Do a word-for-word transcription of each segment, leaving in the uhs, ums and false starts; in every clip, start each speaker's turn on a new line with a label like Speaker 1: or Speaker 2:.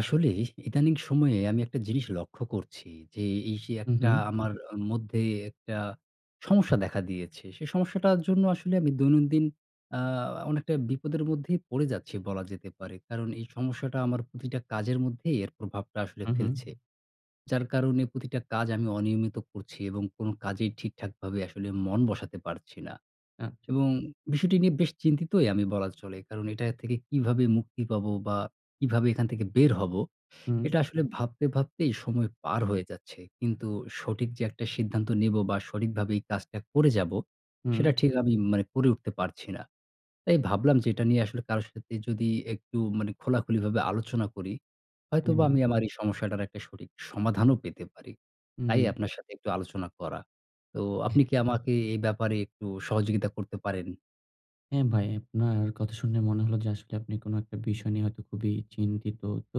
Speaker 1: আসলে ইদানীং সময়ে আমি একটা জিনিস লক্ষ্য করছি যে, এই সেই
Speaker 2: হু,
Speaker 1: একটা
Speaker 2: হু।
Speaker 1: আমার অ মধ্যেই একটা সমস্যা দেখা দিয়েছে। সে সমস্যাটার জন্য আসলে আমি দৈনন্দিন আ অনেকটা বিপদের মধ্যেই পড়ে যাচ্ছি বলা যেতে পারে। কারণ এই সমস্যাটা আমার প্রতিটা কাজের মধ্যেই এর প্রভাবটা আসলে
Speaker 2: হু, হু।
Speaker 1: ফেলছে। যার কারণে প্রতিটা কাজ আমি অনিয়মিত করছি এবং কোনো কাজেই ঠিকঠাকভাবে আসলে মন বসাতে পারছি না।
Speaker 2: আচ্ছা।
Speaker 1: এবং বিষয়টি নিয়ে বেশ চিন্তিতই আমি বলা চলে। কারণ এটা থেকে কীভাবে মুক্তি পাব? বা কীভাবে এখান থেকে বের হব?
Speaker 2: হুম।
Speaker 1: এটা আসলে ভাবতে ভাবতেই সময় পার হয়ে যাচ্ছে। কিন্তু সঠিক যে একটা সিদ্ধান্ত নিব বা সঠিকভাবে এই কাজটা করে যাব,
Speaker 2: হুম।
Speaker 1: সেটা ঠিক আমি মানে করে উঠতে পারছি না। তাই ভাবলাম যে এটা নিয়ে আসলে কারো সাথে যদি একটু মানে খোলাখুলিভাবে আলোচনা করি, হয়তোবা
Speaker 2: উম।
Speaker 1: আমি আমার এই সমস্যাটার একটা সঠিক সমাধানও পেতে পারি।
Speaker 2: হু,
Speaker 1: তাই
Speaker 2: হু।
Speaker 1: আপনার সাথে একটু আলোচনা করা। তো আপনি কি আমাকে এ ব্যাপারে একটু সহযোগিতা করতে পারেন?
Speaker 2: হ্যাঁ, ভাই। আপনার কথা শুনে মনে হলো যে আসলে আপনি কোনো একটা বিষয় নিয়ে হয়তো খুবই চিন্তিত। তো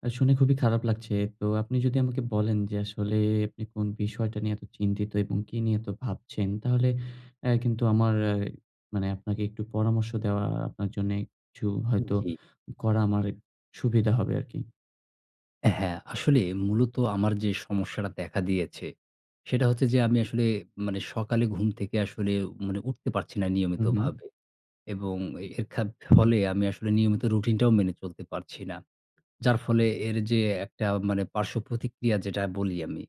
Speaker 2: অ্যা শুনে খুবই খারাপ লাগছে। তো আপনি যদি আমাকে বলেন, যে আসলে আপনি কোন বিষয়টা নিয়ে এত চিন্তিত এবং কী নিয়ে এত ভাবছেন? তাহলে অ্যা কিন্তু আমার অ্যা মানে আপনাকে একটু পরামর্শ দেওয়া আপনার জন্যে কিছু হয়তো
Speaker 1: জি।
Speaker 2: করা আমারেক সুবিধা হবে আরকি।
Speaker 1: হ্যাঁ, আসলে মূলত আমার যে সমস্যাটা দেখা দিয়েছে, সেটা হচ্ছে যে, আমি আসলে মানে সকালে ঘুম থেকে আসলে উ মানে উঠতে পারছি না
Speaker 2: হু, হু।
Speaker 1: নিয়মিতভাবে এবং এর খাব ফলে আমি আসলে নিয়মিত রুটিনটাও মেনে চলতে পারছি না। যার ফলে এর যে একটা মানে পার্শ্বপ্রতিক্রিয়া যেটা বলি আমি,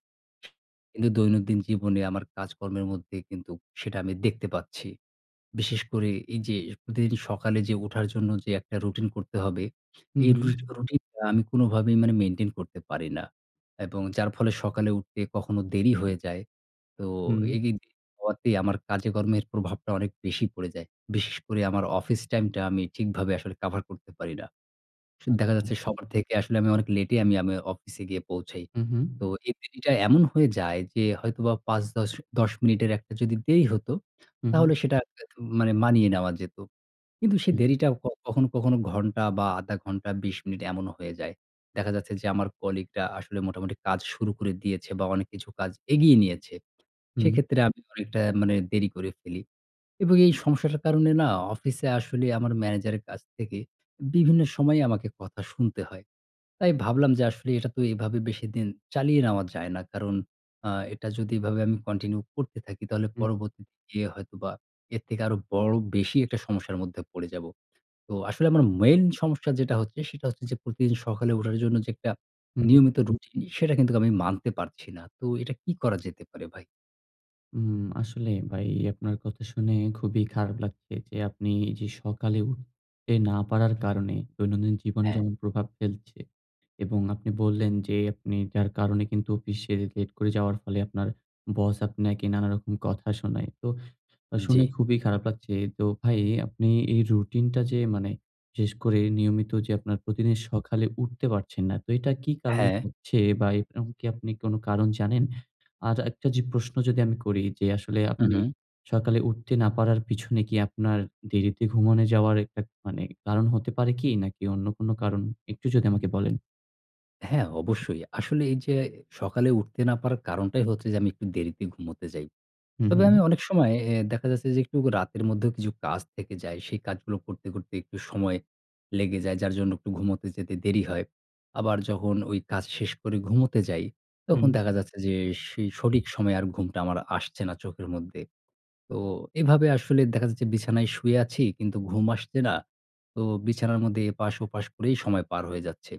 Speaker 1: কিন্তু দৈনন্দিন জীবনে আমার কাজকর্মের মধ্যে কিন্তুক সেটা আমি দেখতে পাচ্ছি। বিশেষ করে এই যে প্রতিদিন সকালে যে উঠার জন্য যে একটা রুটিন করতে হবে,
Speaker 2: হু,
Speaker 1: এই
Speaker 2: হু।
Speaker 1: রুটি রুটিন টা আমি কোনভাবেই মানে মেইনটেইন করতে পারি না। এবং যার ফলে সকালে উঠতে কখনো দেরি হয়ে যায়। তো
Speaker 2: হুম।
Speaker 1: এই এগিন হওয়াতে আমার কাজে কর্মের প্রভাবটা অনেক বেশি পড়ে যায়। বিশেষ করে আমার অফিস টাইম টা আমি ঠিকভাবে আসলে কাভার করতে পারি না। সু দেখা
Speaker 2: আচ্ছা।
Speaker 1: যাচ্ছে সবার থেকে আসলে আমি অনেক লেটে আমি, আমি অফিসে গিয়ে পৌঁছাই।
Speaker 2: হু,
Speaker 1: তো
Speaker 2: হু।
Speaker 1: এই দেরিটায় এমন হয়ে যায় যে হয়তোবা পাঁচ-দশ, দশ মিনিটের একটা যদি দেরি হত,
Speaker 2: হু,
Speaker 1: তাহলে
Speaker 2: হু।
Speaker 1: সেটা হয়তো মানে মানিয়ে নেওয়া যেত। কিন্তু সেই
Speaker 2: হু।
Speaker 1: দেরিটাও ক কখনো, কখনো ঘন্টা বা আধা ঘন্টা বিশ মিনিট এমনও হয়ে যায়। দেখা যাচ্ছে যে আমার কলিগরা আসলে মোটামুটি কাজ শুরু করে দিয়েছে বা অনেক কিছু কাজ এগিয়ে নিয়েছে।
Speaker 2: হুম।
Speaker 1: সেক্ষেত্রে আমি অনেকটা মানে দেরি করে ফেলি। এবং এই সমস্যাটার কারণে না অফিসে আসলে আমার ম্যানেজারের কাছ থেকে বিভিন্ন সময়ে আমাকে কথা শুনতে হয়। তাই ভাবলাম যে আসলে এটা তো এভাবে বেশিদিন চালিয়ে নেওয়া যায় না। কারণ আ এটা যদি এভাবে আমি কন্টিনিউ করতে থাকি তাহলে
Speaker 2: হুম।
Speaker 1: পরবর্তী দিনে হয়তোবা এর থেকে আরো বড় বেশি একটা সমস্যার মধ্যে পড়ে যাব। তো আসলে আমার মেইন সমস্যা যেটা হচ্ছে, সেটা হচ্ছে যে প্রতিদিন সকালে উঠার জন্য যে একটা
Speaker 2: হু, হুম।
Speaker 1: নিয়মিত রুটিন সেটা কিন্তুক আমি মানতে পারছি না। তো এটা কি করা যেতে পারে ভাই?
Speaker 2: উম আসলেই ভাই আপনার কথা শুনে খুবই খারাপ লাগছে যে আপনি যে সকালে উঠতে না পারার কারণে দৈনন্দিন জীবনে
Speaker 1: হ্যাঁ।
Speaker 2: যেমন প্রভাব ফেলছে এবং আপনি বললেন যে আপনি যার কারণে কিন্তু অফিসে লেট করে যাওয়ার ফলে আপনার বস আপনাকে নানা রকম কথা শোনায়। তো শুনে
Speaker 1: জ্বি।
Speaker 2: খুবই খারাপ লাগছে। তো ভাই আপনি এই রুটিন টা যে মানে শেষ করে নিয়মিত যে আপনার প্রতিদিন সকালে উঠতে পারছেন না। তো এটা কি কারণে
Speaker 1: হ্যাঁ।
Speaker 2: হচ্ছে বা এক্রম কি আপনি কোন কারণ জানেন? আজ একটা যে প্রশ্ন যদি আমি করি যে আসলে
Speaker 1: হু,
Speaker 2: আপনি
Speaker 1: হুম।
Speaker 2: সকালে উঠতে না পারার পিছনে কি আপনার দেরিতে ঘুমানে যাওয়ার একতাক মানে একটা কারণ হতে পারে কি? নাকি অন্য কোন কারণ একটু যদি আমাকে বলেন।
Speaker 1: হ্যাঁ অবশ্যই। আসলে এই যে সকালে উঠতে না পারার কারণটাই হচ্ছে যে আমি একটু দেরিতে ঘুমুতে যাই।
Speaker 2: হু,
Speaker 1: তবে
Speaker 2: হুম।
Speaker 1: আমি অনেক সময় অ্যা দেখা যাচ্ছে যে একটু রাতের মধ্যেও কিছু কাজ থেকে যায়। সেই কাজগুলো করতে, করতে একটু সময় লেগে যায় যার জন্য একটু ঘুমুতে যেতে দেরি হয়। আবার যখন ওই কাজ শেষ করে ঘুমুতে যাই
Speaker 2: হুম।
Speaker 1: তখন দেখা যাচ্ছে যে, সে সঠিক সময়ে আর ঘুমটা আমার আসছে না চোখের মধ্যে। তো এভাবে আসলে দেখা যাচ্ছে বিছানায় শুয়ে আছি কিন্তু ঘুম আসছে না। তো বিছানার মধ্যে এপাশ-ওপাশ করেই সময় পার হয়ে যাচ্ছে।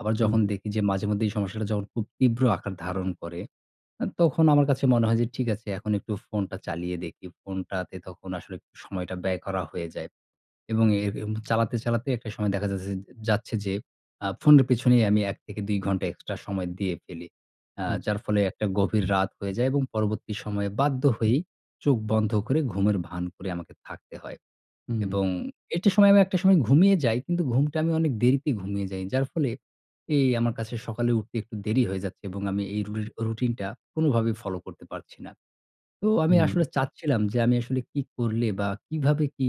Speaker 1: আবার যখন দেখি যে মাঝেমধ্যেই এই সমস্যাটা যখন খুব তীব্র আকার ধারণ করে, অ্যা তখন আমার কাছে মনে হয় যে ঠিক আছে এখন একটু ফোনটা চালিয়ে দেখি। ফোনটাতে তখন আসলে সময়টা ব্যয় করা হয়ে যায় এবং এ এম চালাতে, চালাতে একটা সময় দেখা যাচ্ছে যে যাচ্ছে যে আ ফোনের পেছনেই আমি এক থেকে দুই ঘন্টা এক্সট্রা সময় দিয়ে ফেলি। আ
Speaker 2: আছ।
Speaker 1: যার ফলে একটা গভীর রাত হয়ে যায় এবং পরবর্তী সময়ে বাধ্য হয়েই চোখ বন্ধ করে ঘুমের ভান করে আমাকে থাকতে হয়
Speaker 2: হুম।
Speaker 1: এবং এটি সময়, আমি একটা সময় ঘুমিয়ে যাই কিন্তু ঘুমটা আমি অনেক দেরিতে ঘুমিয়ে যাই। যার ফলে এই আমার কাছে সকালে উঠতে একটু দেরি হয়ে যাচ্ছে এবং আমি এই রু রুটিন টা কোনভাবেই ফলো করতে পারছি না। তো আমি
Speaker 2: হুম।
Speaker 1: আসলে চাচ্ছিলাম যে আমি আসলে কী করলে? বা কিভাবে কি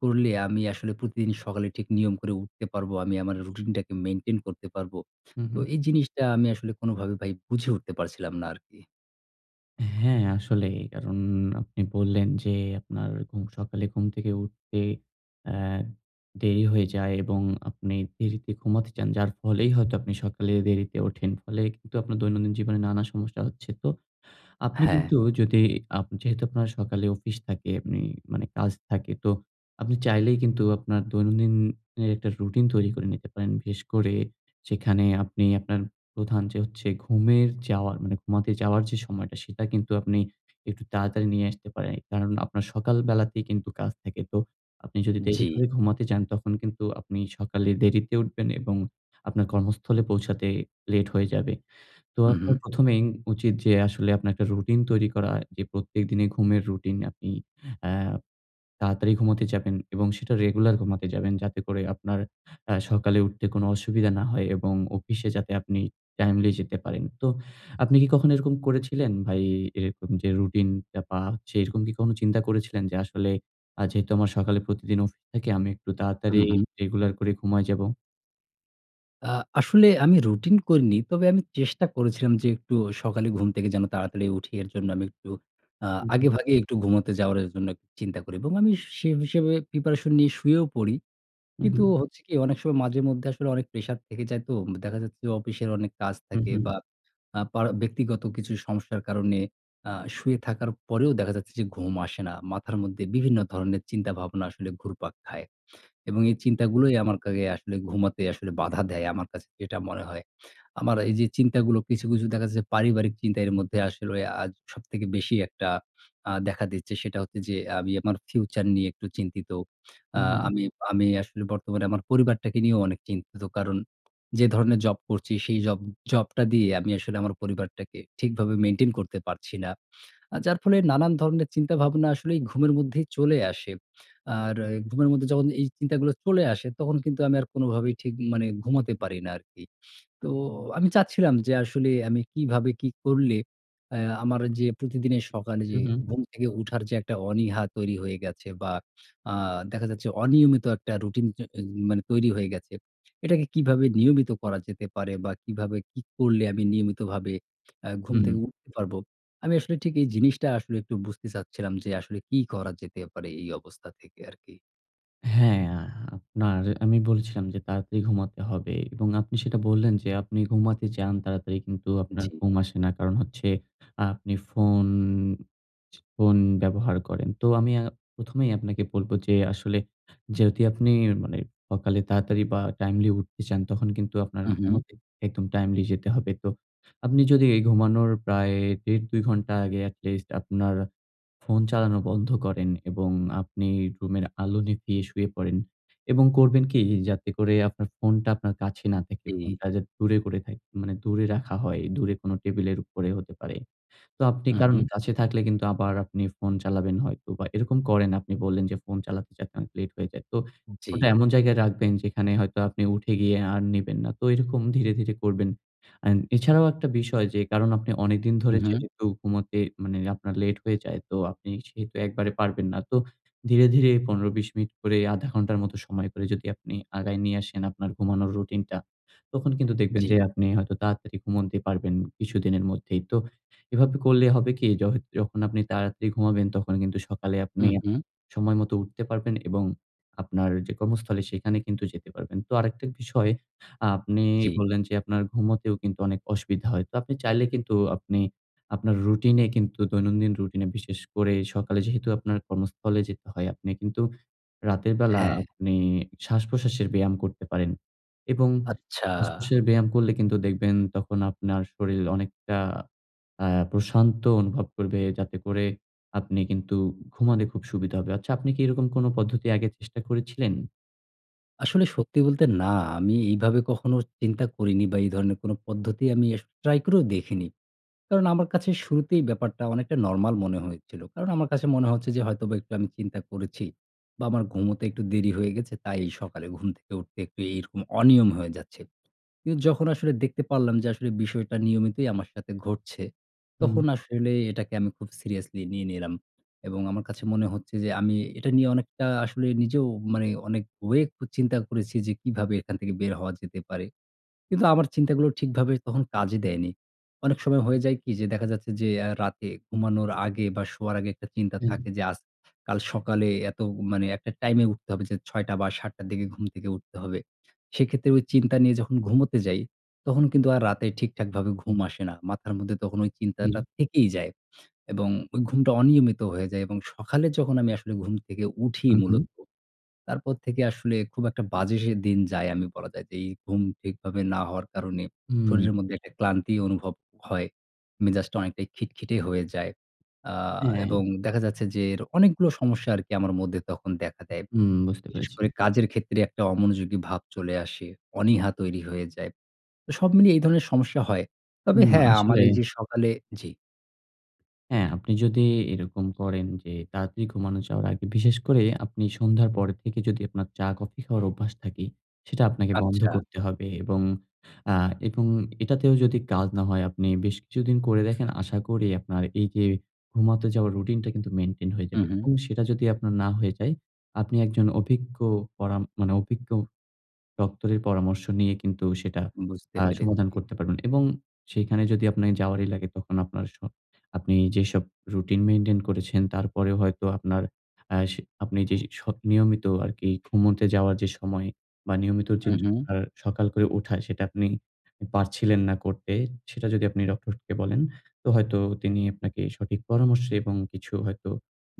Speaker 1: করলে? আমি আসলে প্রতিদিন সকালে ঠিক নিয়ম করে উঠতে পারব। আমি আমার রুটিনটাকে মেইনটেইন করতে পারব।
Speaker 2: হুম,
Speaker 1: তো
Speaker 2: হুম।
Speaker 1: এই জিনিসটা আমি আসলে কোনভাবেই ভাই বুঝে উঠতে পারছিলাম না আরকি।
Speaker 2: হ্যাঁ, আসলেই। কারণ আপনি বললেন যে, আপনার ঘুম সকালে ঘুম থেকে উঠতে অ্যা দেরি হয়ে যায় এবং আপনি দেরিতে ঘুমাতে যান। যার ফলেই হয়তো আপনি সকালে দেরিতে ওঠেন। ফলে কিন্তু আপনার দৈনন্দিন জীবনে নানা সমস্যা হচ্ছে। তো আপনি
Speaker 1: হ্যাঁ।
Speaker 2: কিন্তু যদি আপ যেহেতু আপনার সকালে অফিস থাকে আপনি মানে কাজ থাকে, তো আপনি চাইলেই কিন্তু আপনার দৈনন্দিন এর এক টা রুটিন তৈরি করে নিতে পারেন। বিশেষ করে যেখানে আপনি আপনার প্রধান যে হচ্ছে ঘুমের যাওয়ার মানে ঘুমাতে যাওয়ার যে সময়টা, সেটা কিন্তু আপনি একটু তাড়াতাড়ি নিয়ে আসতে পারেন। কারণ, আপনার সকাল বেলাতেই কিন্তু কাজ থাকে। তো আপনি যদি দেরি
Speaker 1: জি।
Speaker 2: করে ঘুমাতে যান, তখন কিন্তু আপনি সকালে দেরিতে উঠবেন এবং আপনার কর্মস্থলে পৌঁছাতে লেট হয়ে যাবে। তো
Speaker 1: উ
Speaker 2: আপনার
Speaker 1: হু।
Speaker 2: প্রথমেই উচিত যে আসলে আপনার এক টা রুটিন তৈরি করা। যে প্রত্যেক দিনে ঘুমের রুটিন আপনি অ্যা তাড়াতাড়ি ঘুমাতে যাবেন এবং সেটা রেগুলার ঘুমাতে যাবেন যাতে করে আপনার অ্যা সকালে উঠতে কোন অসুবিধা না হয় এবং অফিসে যাতে আপনি টাইমলি যেতে পারেন। তো আপনি কি কখনো এরকম করেছিলেন ভাই? এরকম যে রুটিনটা পা হচ্ছে এরকম কি কখনো চিন্তা করেছিলেন? যে আসলে আ যেহেতু আমার সকালে প্রতিদিন অফিস থাকে, আমি একটু
Speaker 1: উ
Speaker 2: তাড়াতাড়ি
Speaker 1: হু।
Speaker 2: রেগুলার করে ঘুমায় যাবো?
Speaker 1: আ আসলে আমি রুটিন করিনি। তবে আমি চেষ্টা করেছিলাম যে একটু সকালে ঘুম থেকে যেন তাড়াতাড়ি উঠি এর জন্য আমি একটু আ
Speaker 2: উ হুম।
Speaker 1: আগেভাগেই একটু ঘুমোতে যাওয়ার জন্য একটু চিন্তা করি। এবং আমি সেভ সেভাবে প্রিপারেশন নিয়ে শুয়েও পড়ি। কিন্তু
Speaker 2: উহু।
Speaker 1: হচ্ছে কি? অনেক সময় মাঝে মধ্যে আসলে অনেক প্রেশার থেকে যায় তো দেখা যাচ্ছে যে অফিসের অনেক কাজ থাকে,
Speaker 2: উহু।
Speaker 1: বা আ পা ব্যক্তিগত কিছু সমস্যার কারণে আ শুয়ে থাকার পরেও দেখা যাচ্ছে যে ঘুম আসে না। মাথার মধ্যে বিভিন্ন ধরনের চিন্তা ভাবনা আসলে ঘুরপাক খায়। এবং এই চিন্তাগুলোই আমার কাগে আসলে ঘুমাতে আসলে বাধা দেয়। আমার কাছে যেটা মনে হয়। আমার এই যে চিন্তাগুলো কিছু, কিছু দেখা যাচ্ছে যে পারিবারিক চিন্তার এর মধ্যে আসলে আ সবথেকে বেশি একটা আ দেখা দিচ্ছে সেটা হচ্ছে যে আমি আমার ফিউচার নিয়ে একটু চিন্তিত। আ
Speaker 2: উহুম।
Speaker 1: আমি, আমি আসলে বর্তমানে আমার পরিবারটাকে নিয়েও অনেক চিন্তিত। কারণ যে ধরণের জব করছি সেই জব, জব টা দিয়ে আমি আসলে আমার পরিবারটাকে ঠিকভাবে মেইনটেইন করতে পারছি না। আ যার ফলে নানান ধরনের চিন্তাভাবনা আসলেই ঘুমের মধ্যেই চলে আসে। আর ঘুমের মধ্যে যখন এই চিন্তাগুলো চলে আসে, তখন কিন্তু আমি আর কোনভাবেই ঠিক মানে ঘুমোতে পারি না আরকি। তো আমি চাচ্ছিলাম যে আসলে আমি কিভাবে কি করলে অ্যা আমার যে প্রতিদিনের সকালে যে
Speaker 2: হুম, হুম
Speaker 1: ঘুম থেকে উঠার যে একটা অনীহা তৈরি হয়ে গেছে, বা আ দেখা যাচ্ছে অনিয়মিত একটা রুটিন চ অ মানে তৈরি হয়ে গেছে। এটাকে কিভাবে নিয়মিত করা যেতে পারে? বা কিভাবে কি করলে আমি নিয়মিতভাবে অ্যা ঘুম
Speaker 2: হুম।
Speaker 1: থেকে উঠতে পারব। আমি আসলে ঠিক এই জিনিসটা আসলে একটু বুঝতে চাচ্ছিলাম যে আসলে কি করা যেতে পারে? এই অবস্থা থেকে আরকি।
Speaker 2: হ্যাঁ, আপনার আমি বলেছিলাম যে তাড়াতাড়ি ঘুমাতে হবে এবং আপনি সেটা বললেন যে আপনি ঘুমাতে যান তাড়াতাড়ি কিন্তু আপনার
Speaker 1: জি।
Speaker 2: ঘুম আসে না। কারণ হচ্ছে আ আপনি ফোন, ফোন ব্যবহার করেন। তো আমি আ প্রথমেই আপনাকে বলব, যে আসলে জেউতি আপনি মানে অকালে তাড়াতাড়ি বা টাইমলি উঠতে চান তখন কিন্তু আপনার
Speaker 1: উহু।
Speaker 2: ঘুমাতে একদম টাইমলি যেতে হবে। তো আপনি যদি এ ঘুমানোর প্রায় দেড় দুই ঘন্টা আগে অ্যাটলিস্ট আপনার ফোন চালানো বন্ধ করেন এবং আপনি রুমের আলো নিভিয়ে শুয়ে পড়েন এবং করবেন কী? যাতে করে আপনার ফোনটা আপনার কাছে না থাকে।
Speaker 1: জি।
Speaker 2: ফোনটা যাতে দূরে করে থাকে, মানে দূরে রাখা হয়, দূরে কোন টেবিলের উপরেও হতে পারে। তো আপনি কারণ
Speaker 1: উহু।
Speaker 2: কাছে থাকলে কিন্তু আবার আপনি ফোন চালাবেন হয়তো বা এরকম করেন আপনি বললেন যে ফোন চালাতে যাতে লেট হয়ে যায়। তো ওটা
Speaker 1: জি।
Speaker 2: এমন জায়গায় রাখবেন যেখানে হয়তো আপনি উঠে গিয়ে আর নিবেন না। তো এরকম ধীরে, ধীরে করবেন। আন এছাড়াও একটা বিষয় যে কারণ আপনি অনেকদিন ধরে
Speaker 1: উহু।
Speaker 2: যেহেতু ঘুমোতে মানে আপনার লেট হয়ে যায় তো আপনি সেহেতু একবারে পারবেন না। তো ধীরে, ধীরে পনেরো, বিশ মিনিট করে, আধা ঘন্টার মতো সময় করে যদি আপনি আগায় নিয়ে আসেন আপনার ঘুমানোর রুটিনটা তখন কিন্তু দেখবেন
Speaker 1: জি।
Speaker 2: যে আপনি হয়তো তাড়াতাড়ি ঘুমন্তে পারবেন কিছুদিনের মধ্যেই। তো এভাবে করলে হবে কী? যহ যখন আপনি তাড়াতাড়ি ঘুমোবেন তখন কিন্তু সকালে আপনি আপনার
Speaker 1: উহু।
Speaker 2: সময় মতো উঠতে পারবেন এবং আপনার যে কর্মস্থলে সেখানে কিন্তু যেতে পারবেন। তো আরেকটা বিষয় আ আপনি
Speaker 1: জি।
Speaker 2: বললেন যে, আপনার ঘুমোতেও কিন্তু অনেক অসুবিধা হয়। তো আপনি চাইলে কিন্তু আপনি আপনার রুটিনে কিন্তু দৈনন্দিন রুটিনে বিশেষ করে সকালে যেহেতু আপনার কর্মস্থলে যেতে হয়, আপনি কিন্তু রাতের বেলা
Speaker 1: হ্যাঁ।
Speaker 2: আপনি শ্বাসপ্রশ্বাসের ব্যায়াম করতে পারেন। এবং য
Speaker 1: আচ্ছা।
Speaker 2: শ্বাসপ্রশ্বাসের ব্যায়াম করলে কিন্তু দেখবেন তখন আপনার শরীল অনেকটা আ প্রশান্ত অনুভব করবে যাতে করে আপনি কিন্তু ঘুমানে খুব সুবিধা হবে। আচ্ছা আপনি কী এরকম কোন পদ্ধতি আগে চেষ্টা করেছিলেন?
Speaker 1: আসলে সত্যি বলতে না, আমি এইভাবে কখনো চিন্তা করিনি বা এই ধরনের কোন পদ্ধতি আমি আস ট্রাই করেও দেখিনি। কারণ আমার কাছে শুরুতেই ব্যাপারটা অনেকটা নরমাল মনে হয়েছিল। কারণ আমার কাছে মনে হচ্ছে যে হয়তোবা একটু আমি চিন্তা করেছি বা আমার ঘুমোতে একটু দেরি হয়ে গেছে। তাই সকালে ঘুম থেকে উঠতে একটু এরকম অনিয়ম হয়ে যাচ্ছে। কিন্তু যখন আসলে দেখতে পারলাম যে আসলে, বিষয়টা নিয়মিতই আমার সাথে ঘটছে
Speaker 2: হুম।
Speaker 1: তখন আসলে এটাকে আমি খুব সিরিয়াসলি নিয়ে নিলাম। এবং আমার কাছে মনে হচ্ছে যে আমি এটা নিয়ে অনেকটা আসলে নিজেও মানে অনেক ওয়েক ও চিন্তা করেছি যে কিভাবে এখান থেকে বের হওয়া যেতে পারে। কিন্তু আমার চিন্তাগুলো ঠিকভাবে তখন কাজে দেয়নি। অনেক সময় হয়ে যায় কি যে দেখা যাচ্ছে যে আ রাতে ঘুমানোর আগে বা শোয়ার আগে একটা চিন্তা
Speaker 2: হুম।
Speaker 1: থাকে যে, আজ, কাল সকালে এত মানে একটা টাইমে উঠতে হবে যে ছয় টা বা সাত টার দিকে ঘুম থেকে উঠতে হবে। সেক্ষেত্রে ওই চিন্তা নিয়ে যখন ঘুমোতে যাই। তখন কিন্তু আর রাতে ঠিকঠাকভাবে ঘুম আসে না। মাথার মধ্যে তখন ওই চিন্তাটা
Speaker 2: হু।
Speaker 1: থেকেই যায়। এবং ওই ঘুমটা অনিয়মিত হয়ে যায় এবং সকালে যখন আমি আসলে ঘুম থেকে উঠি
Speaker 2: হু, হু।
Speaker 1: মূলত। তারপর থেকে আসলে খুব একটা বাজে সে দিন যায়। আমি বলা যায় যে এই ঘুম ঠিকভাবে না হওয়ার কারণে
Speaker 2: হুম।
Speaker 1: শরীরের মধ্যে একটা ক্লান্তি অনুভব হয়। মেজাজটা অনেকটাই খিটখিটে হয়ে যায়। আ
Speaker 2: হ্যাঁ।
Speaker 1: এবং দেখা যাচ্ছে যে এর অনেকগুলা সমস্যা আরকি আমার মধ্যে তখন দেখা দেয়।
Speaker 2: হুম, বুঝতে
Speaker 1: বিশেষ
Speaker 2: পেরেছি।
Speaker 1: করে কাজের ক্ষেত্রে একটা অমনোযোগী ভাব চলে আসে। অনীহা তৈরি হয়ে যায়। তো সব মিলিয়ে এই ধরনের সমস্যা হয়। তবে
Speaker 2: হুম,
Speaker 1: হ্যাঁ, আমার
Speaker 2: আসলে
Speaker 1: এই যে সকালে জী।
Speaker 2: হ্যাঁ, আপনি যদি এরকম করেন, যে তাড়াতাড়ি ঘুমানো যাওয়ার আগে, বিশেষ করে আপনি সন্ধ্যার পরে থেকে যদি আপনার চা, কফি খাওয়ার অভ্যাস থাকে, সেটা আপনাকে বন্ধ
Speaker 1: আচ্ছা।
Speaker 2: করতে হবে। এবং আ এবং এটাতেও যদি কাজ না হয়, আপনি বেশ কিছুদিন করে দেখেন, আশা করি আপনার এই যে ঘুমাতে যাওয়ার রুটিনটা কিন্তু মেইনটেইন হয়ে
Speaker 1: হু,
Speaker 2: যাবে।
Speaker 1: হু।
Speaker 2: এবং সেটা যদি আপনার না হয়ে যায়, আপনি একজন অভিজ্ঞ পরাম, মানে অভিজ্ঞ ডক্টরের পরামর্শ নিয়ে কিন্তু সেটা
Speaker 1: বুঝতে
Speaker 2: আ সমাধান
Speaker 1: পেরেছি।
Speaker 2: করতে পারবেন। এবং সেখানে যদি আপনের যাওয়ারই লাগে, তখন আপনার স আপনি যেসব রুটিন মেইনটেইন করেছেন, তারপরে হয়তো আপনার, আ সে আপনি যে স নিয়মিত আরকি ঘুমুতে যাওয়ার যে সময় বা নিয়মিত
Speaker 1: হু,
Speaker 2: চেঞ্জ
Speaker 1: হু।
Speaker 2: করার সকাল করে উঠা, সেটা আপনি পারছিলেন না করতে, সেটা যদি আপনি ডক্টরকে বলেন, তো হয়তো তিনি আপনাকে সঠিক পরামর্শে এবং কিছু হয়তো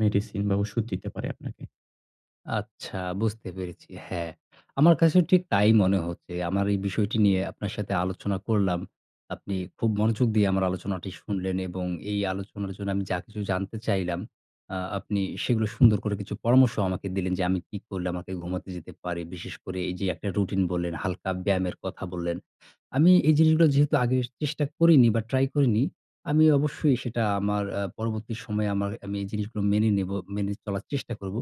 Speaker 2: মেডিসিন বা ওষুধ দিতে পারে আপনাকে।
Speaker 1: আচ্ছা বুঝতে পেরেছি। হ্যাঁ, আমার কাছেও ঠিক তাই মনে হচ্ছে। আমার এই বিষয়টি নিয়ে আপনার সাথে আলোচনা করলাম। আপনি খুব মনোযোগ দিয়ে আমার আলোচনাটি শুনলেন এবং এই আলোচনার জন্য আমি যা কিছু জানতে চাইলাম, আ আপনি সেগুলো সুন্দর করে কিছু পরামর্শ আমাকে দিলেন, যে আমি কি করলে আমাকে ঘুমাতে যেতে পারি। বিশেষ করে এই যে একটা রুটিন বললেন, হালকা ব্যায়ামের কথা বললেন। আমি এই জিনিসগুলা যেহেতু আগে চেষ্টা করিনি বা ট্রাই করিনি, আমি অবশ্যই সেটা আমার আ পরবর্তী সময়ে, আমার আমি এই জিনিসগুলো মেনে নিবো, মেনে চলার চেষ্টা করব।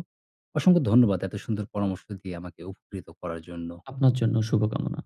Speaker 1: অসংখ্য ধন্যবাদ এত সুন্দর পরামর্শ দিয়ে আমাকে উফুকৃত করার জন্য।
Speaker 2: আপনার জন্য শুভকামনা।